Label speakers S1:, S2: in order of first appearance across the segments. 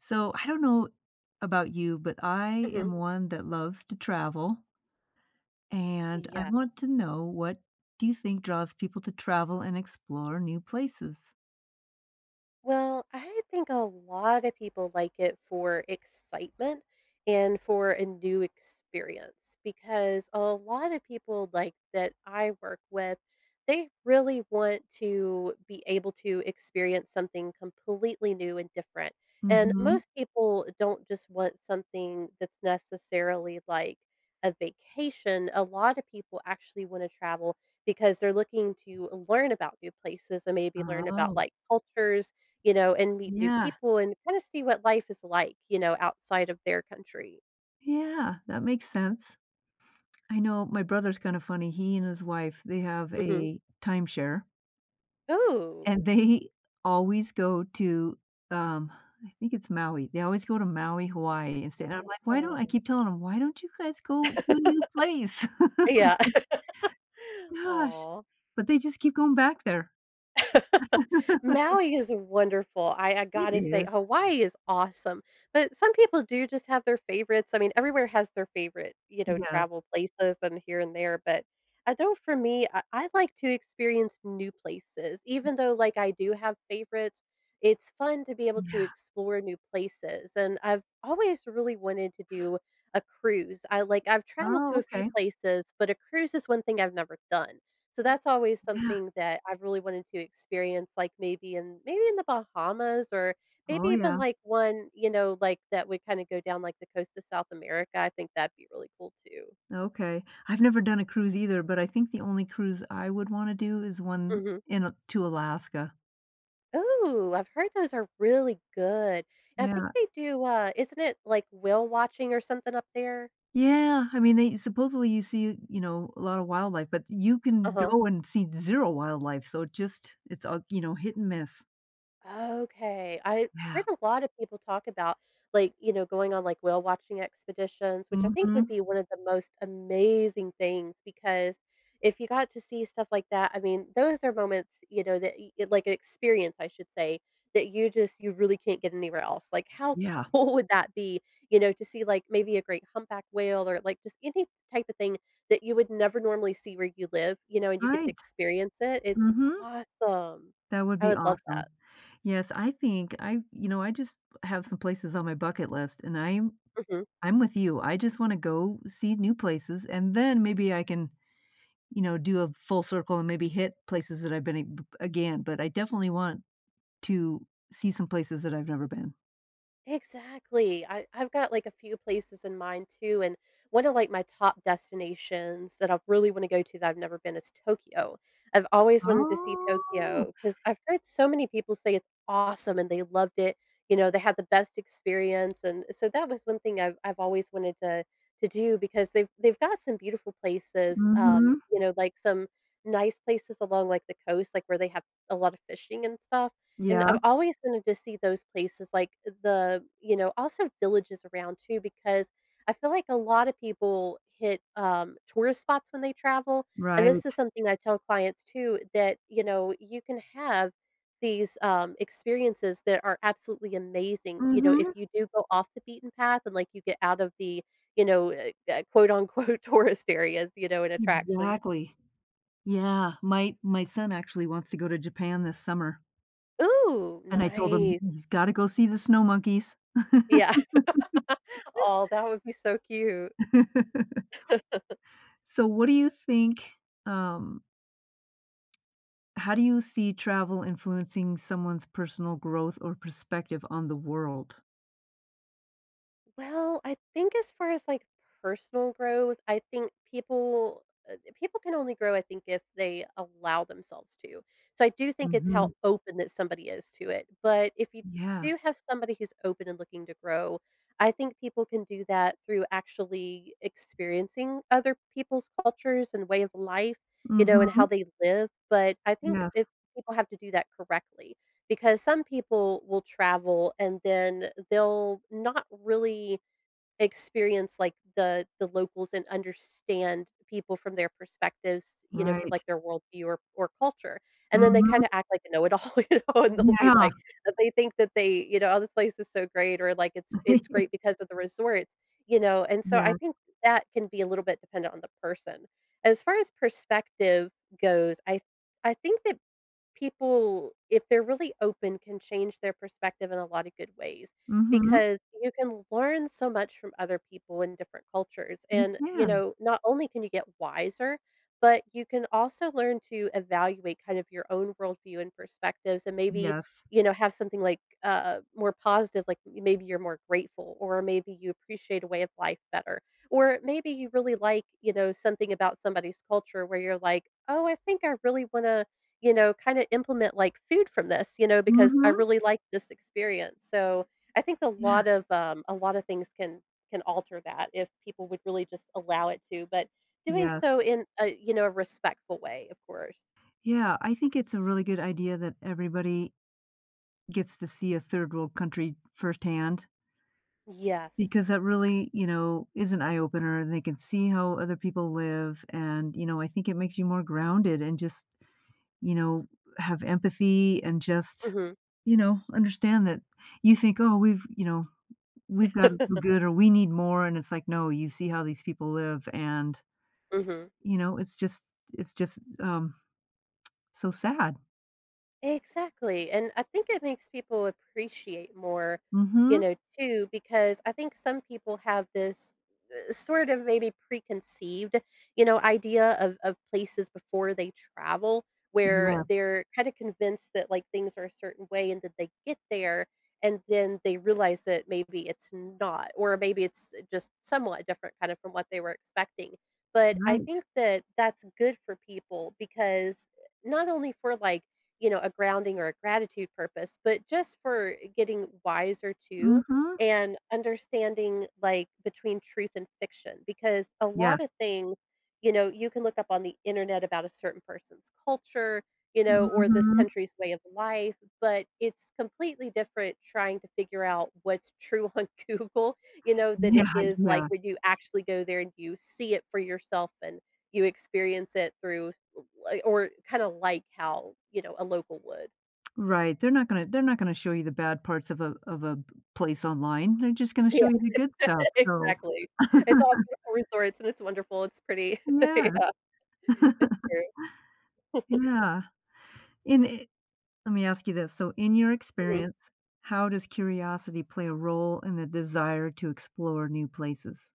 S1: So I don't know about you, but I am
S2: Mhm.
S1: one that loves to travel and I
S2: Yeah.
S1: want to know what do you think draws people to travel and explore new places?
S2: Well, I think a lot of people like it for excitement and for a new experience, because a lot of people, like, that I work with, they really want to be able to experience something completely new and different. And
S1: Mhm.
S2: most people don't just want something that's necessarily like a vacation; a lot of people actually wanna travel because they're looking to learn about new places and maybe learn about,
S1: Oh.
S2: like, cultures, you know, and meet new
S1: Yeah.
S2: people and kinda see what life is like, you know, outside of their country.
S1: Yeah. That makes sense. I know my brother's kinda funny, he and his wife, they have
S2: Mhm.
S1: a timeshare
S2: Ooh.
S1: and they always go to, um I think it's Maui they always go to Maui, Hawaii, and stay, and I'm like, "Why don't" I
S2: Awesome.
S1: keep telling them, 'why don't you guys go to a new place?'"
S2: Yeah.
S1: Gosh.
S2: Aw.
S1: But they just keep going back there.
S2: Maui is wonderful, I I
S1: It
S2: gotta say-
S1: is.
S2: Hawaii is awesome- but some people do just have their favorites, I mean, everywhere has their favorite, you know,
S1: Yeah.
S2: travel places and here and there, but I don't for me, I I'd like to experience new places; even though, like, I do have favorites, it's fun to be able to
S1: Yeah.
S2: explore new places. And I've always really wanted to do a cruise. I like I've traveled
S1: Oh,
S2: to a few
S1: okay.
S2: places, but a cruise is one thing I've never done, so that's always
S1: Yeah.
S2: something that I've really wanted to experience, like, maybe in maybe in The Bahamas or maybe
S1: Oh,
S2: even,
S1: yeah.
S2: like, one, you know, like, that we kinda go down, like, the coast of South America, I think that'd be really cool too.
S1: Okay. I've never done a cruise either, but I think the only cruise I would wanna do is one
S2: Mhm.
S1: in a to Alaska.
S2: Ooh, I've heard those are really good. I think
S1: Yeah.
S2: they do, uh isn't it, like, whale watching or something up there?
S1: Yeah. I mean, they supposedly, you see, you know, a lot of wildlife, but you can
S2: Uh-huh.
S1: go and see zero wildlife, so just it's, uh, you know, hit and miss.
S2: Okay. I heard
S1: Yeah.
S2: a lot of people talk about, like, you know, going on, like, whale-watching expeditions, which I think would
S1: Mhm.
S2: be one of the most amazing things because if you got to see stuff like that, I mean, those are moments, you know, that e like experience, I should say, that you just you really can't get anywhere else. Like, how
S1: Yeah.
S2: cool would that be, you know, to see, like, maybe a great humpback whale or, like, just any type of thing that you would never normally see where you live, you know, and you get to
S1: Right.
S2: experience it, it's
S1: Mhm.
S2: awesome.
S1: That would
S2: I
S1: be
S2: would love
S1: awesome.
S2: that.
S1: Yes. I think I you know, I just have some places on my bucket list, and I'm
S2: Mhm.
S1: I'm with you, I just wanna go see new places, and then maybe I can, you know, do a full circle and maybe hit places that I've been b again; but I definitely want to see some places that I've never been.
S2: Exactly. I I've got, like, a few places in mind too, and one of, like, my top destinations that I really wanna go to that I've never been is Tokyo. I've always wanted to see
S1: Oh.
S2: Tokyo 'cause I've heard so many people say it's awesome and they loved it, you know, they had the best experience, and so that was one thing I've I've always wanted to to do because they've they've got some beautiful places, um,
S1: Mhm.
S2: you know, like some nice places along, like, the coast, like, where they have a lot of fishing and stuff, and
S1: Yeah.
S2: I've always wanted to see those places like the, you know also villages around too, because I feel like a lot of people hit, um, tourist spots when they travel- and
S1: Right.
S2: this is something I tell clients, too- that, you know, you can have these, um, experiences that are absolutely amazing, you know, if
S1: Mhm.
S2: you do go off the beaten path and, like, you get out of the, you know, eh, eh, quote, unquote, "tourist areas," you know, and attractions.
S1: Exactly. Yeah. My my son actually wants to go to Japan this summer
S2: Ooh,
S1: and I told him
S2: nice.
S1: he's gotta go see the snow monkeys.
S2: Yeah. Aw, that would be so cute.
S1: So, what do you think, um how do you see travel influencing someone's personal growth or perspective on the world?
S2: Well, I think as far as, like, personal growth, I think people, uh, th people can only grow, I think, if they allow themselves to, so I do think it's how
S1: Mhm.
S2: open that somebody is to it. But if you
S1: Yeah.
S2: do have somebody who's open and looking to grow, I think people can do that through actually experiencing other people's cultures and way of life, you know, and how
S1: Mhm.
S2: they live, but I think
S1: Yeah.
S2: if people have to do that correctly because some people will travel and then they'll not really experience, like, the the locals and understand people from their perspectives- you know, from, like,
S1: Right.
S2: their world view or or culture- and then they
S1: Mhm.
S2: kinda act like a know it all, you know, and they'll be
S1: Yeah.
S2: like but they think that they you know, "Oh, this place is so great," or, like, "It's it's great because of the resorts," you know? And so I
S1: Yeah.
S2: think that can be a little bit dependent on the person. As far as perspective goes, I th I think that people, if they're really open, can change their perspective in a lotta good ways,
S1: Mhm.
S2: because you can learn so much from other people in different cultures,
S1: You
S2: and, you
S1: can.
S2: know, not only can you get wiser, but you can also learn to evaluate kind of your own world view and perspectives and maybe,
S1: Yes.
S2: you know, have something like, uh, more positive, like, maybe you're more grateful or maybe you appreciate a way of life better, or maybe you really like, you know, something about somebody's culture where you're like, "Oh, I think I really wanna, you know, kinda implement, like, food from this, you know, because I
S1: Mhm.
S2: really like this experience." So I think a
S1: Yeah.
S2: lot of, um, a lotta things can can alter that if people would really just allow it to, but doing
S1: Yes.
S2: so in a, you know, a respectful way, of course.
S1: Yeah. I think it's a really good idea that everybody gets to see a third-world country firsthand
S2: Yes.
S1: because that really, you know, is an eye-opener, and they can see how other people live, and, you know, I think it makes you more grounded and just, you know, have empathy and just,
S2: Mhm.
S1: you know, understand that you think, "Oh, we've you know, we've got to feel good or we need more," and it's like, no, you see how these people live, and
S2: Mhm.
S1: you know, it's just it's just, um, so sad.
S2: Exactly, and I think it makes people appreciate more, you
S1: Mhm.
S2: know, too, because I think some people have this, eh, sort of maybe preconceived, you know, idea of of places before they travel, where
S1: Yeah.
S2: they're kinda convinced that, like, things are a certain way, and then they get there, and then they realize that maybe it's not, or maybe it's, eh, just somewhat different, kind of, from what they were expecting; but I think
S1: Right.
S2: that that's good for people because, eh, not only for, like, you know, a grounding or a gratitude purpose, but just for getting wiser too
S1: Mhm.
S2: and understanding, like, between truth and fiction, because a lot
S1: Yes.
S2: of things, you know, you can look up on the Internet about a certain person's culture, you know, or this
S1: Mhm.
S2: country's way of life, but it's completely different trying to figure out what's true on Google, you know, that
S1: Yeah,
S2: it is, like,
S1: yeah.
S2: when you actually go there and you see it for yourself and you experience it through s l like or kinda like how, you know, a local would.
S1: Right, they're not gonna they're not gonna show you the bad parts of a of a p place online, they're just gonna
S2: Yeah.
S1: show you the good stuff, so
S2: Exactly. It's all beautiful resorts, and it's wonderful, it's pretty.
S1: Yeah.
S2: Yeah. It's true.
S1: Yeah. In, eh lemme ask you this, so in your
S2: Mhm.
S1: experience, how does curiosity play a role in the desire to explore new places?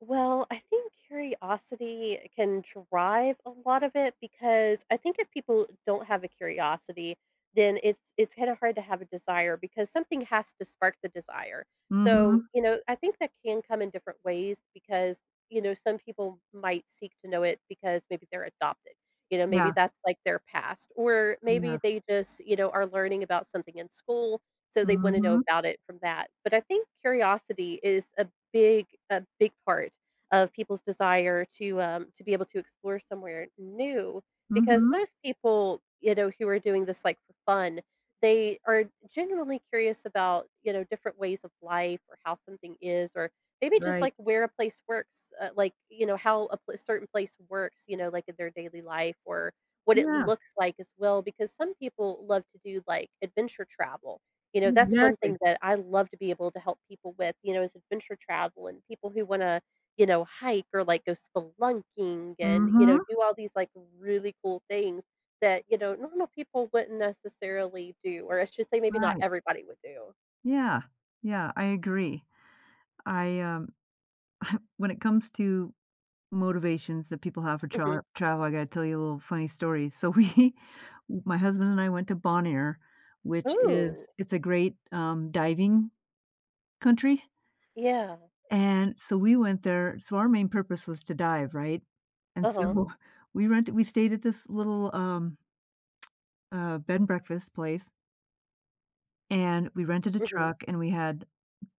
S2: Well, I think curiosity can drive a lot of it, because I think if people don't have a curiosity, then it's it's kinda hard to have a desire- because something has to spark the desire. So,
S1: Mhm.
S2: you know, I think that can come in different ways because, you know, some people might seek to know it because maybe they're adopted, you know, maybe
S1: Yeah.
S2: that's, like, their past; or maybe
S1: Yeah.
S2: they just, you know, are learning about something in school, so they wanna know
S1: Mhm.
S2: about it from that. But I think curiosity is a big a big part of people's desire to, um, to be able to explore somewhere new, because
S1: Mhm.
S2: most people, you know, who are doing this, like, for fun, they are genuinely curious about, you know, different ways of life or how something is or maybe just, like,
S1: Right.
S2: where a place works, uh, like, you know, how a pl a certain place works, you know, like, in their daily life, or what it
S1: Yeah.
S2: looks like, as well, because some people love to do, like, adventure travel. You know, that's one thing
S1: Exactly.
S2: that I love to be able to help people with, you know, is adventure travel and people who wanna, you know, hike or, like, go spelunking and, you know,
S1: Mhm.
S2: do all these, like, really cool things that, you know, normal people wouldn't necessarily do- or I should say maybe not
S1: Right.
S2: everybody would do.
S1: Yeah. Yeah, I agree. I, um when it comes to motivations that people have for
S2: Mhm.
S1: tra travel, I gotta tell you a little funny story. So we my husband and I went to Bonaire, which is
S2: Ooh.
S1: it's a great, um, diving country,
S2: Yeah.
S1: and so we went there so our main purpose was to dive, right? And
S2: Uh-huh.
S1: so, we rent we stayed at this little, um, uh, bed and breakfast place and we rented a
S2: Mhm.
S1: truck and we had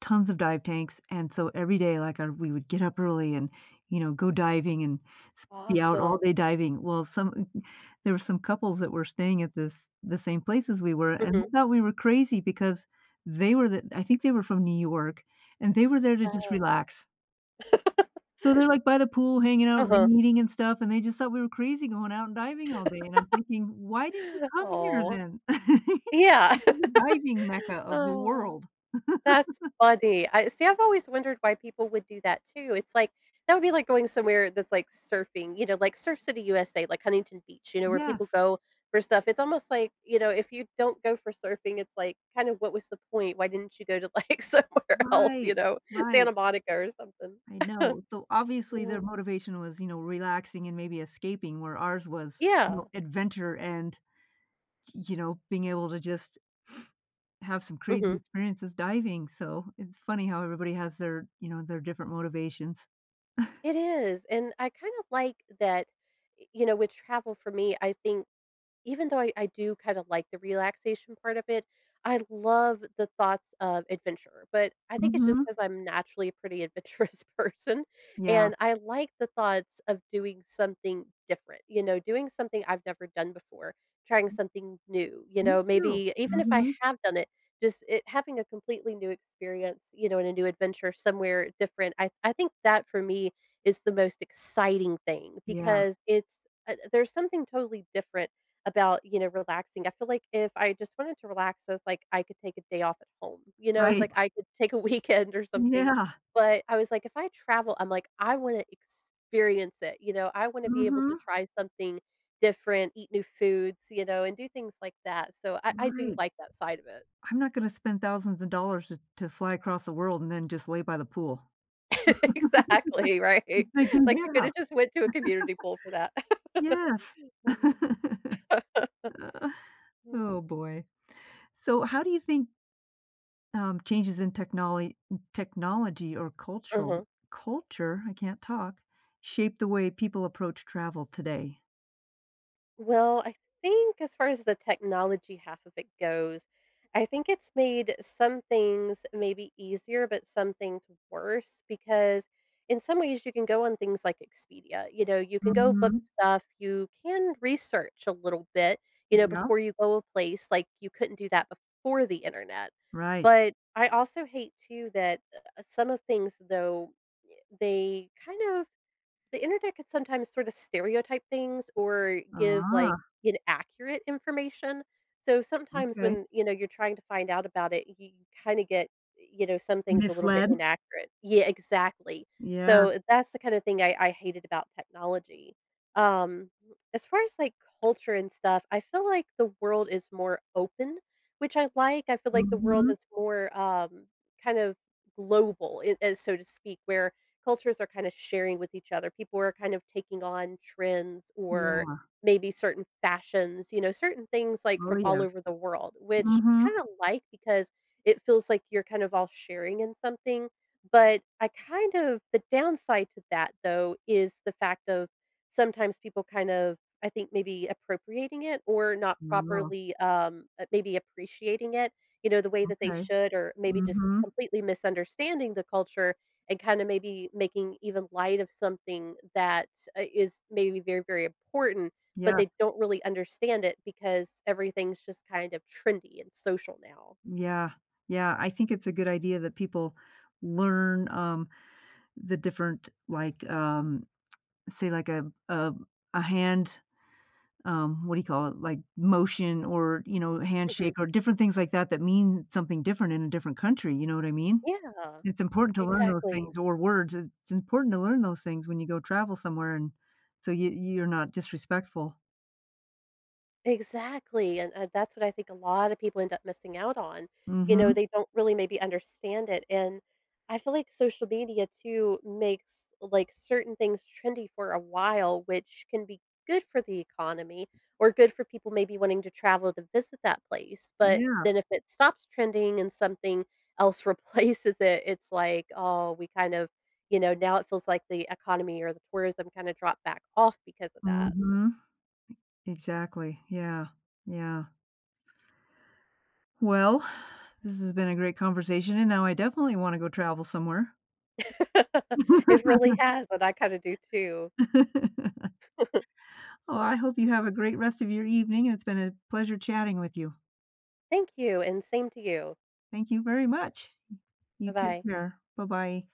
S1: tons of dive tanks, and so every day, like, uh, we would get up early and, you know, go diving and s be out
S2: Awesome.
S1: all day diving. Well, some m m there were some couples that were staying at this the same place as we were, and
S2: Mhm.
S1: they thought we were crazy because they were the I think they were from New York, and they were there to just
S2: Oh.
S1: relax. So they're, like, by the pool hanging out,
S2: Uh-huh.
S1: reading and stuff, and they just thought we were crazy going out and diving all day, and I'm thinking, "Why did you come here
S2: Aw.
S1: then?
S2: Yeah.
S1: This is the diving mecca of the world."
S2: That's funny. I see, I've always wondered why people would do that too, it's like, that would be like going somewhere that's, like, surfing, you know, like Surf City USA- like, Huntington Beach- you know, where people
S1: Yes.
S2: go for stuff. It's almost like, you know, if you don't go for surfing, it's, like, kind of what was the point? Why didn't you go to, like, somewhere else, you
S1: Right.
S2: know,
S1: Right.
S2: Santa Monica or something?
S1: I know. So, obviously,
S2: Yeah.
S1: their motivation was, you know, relaxing and maybe escaping; where ours was, you
S2: Yeah.
S1: know, adventure and, y you know, being able to just have some crazy
S2: Mhm.
S1: experiences diving; so it's funny how everybody has their, you know, their different motivations.
S2: It is. And, I kind of like that, eh, you know, with travel for me, I think, even though I I do kind of like the relaxation part of it, I love the thoughts of adventure- but, I think it's just
S1: Mhm.
S2: 'cause I'm naturally a pretty adventurous person,
S1: Yeah.
S2: and I like the thoughts of doing something different, you know, doing something I've never done before, trying something new- you
S1: Me
S2: know,
S1: too.
S2: maybe even if I
S1: Mhm.
S2: have done it, just it having a completely new experience, you know, in a new adventure somewhere different. I I think that for me is the most exciting thing
S1: Yeah.
S2: because it's, uh there's something totally different about, you know, relaxing, I feel like if I just wanted to relax, I was like, I could take a day off at home, you know? It was
S1: Right.
S2: like I could take a weekend or something.
S1: Yeah.
S2: But I was like, "If I travel," I'm like, "I wanna experience it," you know? I wanna be able to
S1: Mhm.
S2: try something different, eat new foods, you know, and do things like that. So I I do
S1: Right.
S2: like that side of it.
S1: I'm not gonna spend thousands of dollars to to fly across the world and then just lay by the pool.
S2: Exactly, right?
S1: I
S2: It's
S1: can
S2: like you
S1: yeah.
S2: coulda just went to a community pool for that.
S1: Yes. Oh, boy. So how do you think um, changes in technol technology or
S2: Uh-huh.
S1: cultural culture- I can't talk- shape the way people approach travel today?
S2: Well, I think as far as the technology half of it goes, I think it's made some things maybe easier, but some things worse, because, in some ways, you can go on things like Expedia, you know, you can go book
S1: Mhm.
S2: stuff, you can research a little bit, you know,
S1: Yeah.
S2: before you go a place, like, you couldn't do that before the Internet;
S1: Right.
S2: but I also hate too that, uh, some of things, though, y they kind of the internet could sometimes sort of stereotype things or give, like,
S1: Oh.
S2: inaccurate information. So, sometimes
S1: Okay.
S2: when, you know, you're trying to find out about it, you kinda get, you know, some things a little bit
S1: Misled?
S2: inaccurate. Yeah, exactly.
S1: Yeah.
S2: So, that's the kind of thing I I hated about technology. Um, as far as, like, culture and stuff, I feel like the world is more open, which I like; I feel like the world
S1: Mhm.
S2: is more, um, kind of global, it ,eh, so to speak, where cultures are kinda sharing with each other, people are kind of taking on trends or
S1: Yeah.
S2: maybe certain fashions, you know, certain things, like,
S1: Oh,
S2: from all
S1: yeah.
S2: over the world- which I
S1: Mhm.
S2: kinda like because it feels like you're kind of all sharing in something, but I kind of the downside to that, though, is the fact of sometimes people kind of I think, maybe appropriating it or not
S1: Oh.
S2: properly, um, uh, maybe appreciating it, you know, the way that they
S1: Okay.
S2: should or maybe just
S1: Mhm.
S2: completely misunderstanding the culture and kinda maybe making even light of something that's, uh is maybe very, very important, but
S1: Yeah.
S2: they don't really understand it because everything's just kind of trendy and social now.
S1: Yeah. Yeah, I think it's a good idea that people learn, um, the different, like, um say, like, a a a hand, um, what do you call it, like, motion or, you know, handshake
S2: Mhm.
S1: or different things like that that mean something different in a different country, you know what I mean?
S2: Yeah.
S1: It's important to learn those
S2: Exactly.
S1: things or words, it's important to learn those things when you go travel somewhere and so you you're not disrespectful.
S2: Exactly. And, uh, that's what I think a lotta people end up missing out on, you know,
S1: Mhm.
S2: they don't really maybe understand it. And I feel like social media too makes, like, certain things trendy for a while, which can be good for the economy- or good for people maybe wanting to travel to visit that place- but then
S1: Yeah.
S2: if it stops trending and something else replaces it, it's, like, "Oh, we kind of" you know, now it feels like the economy or the tourism kinda dropped back off because of that.
S1: Mhm. Exactly. Yeah. Yeah. Well, this has been a great conversation, and now I definitely wanna go travel somewhere.
S2: It really has, and I kinda do too.
S1: Oh, I hope you have a great rest of your evening, and it's been a pleasure chatting with you.
S2: Thank you, and same to you.
S1: Thank you very much. You take
S2: Bye-bye.
S1: care. Bye-bye.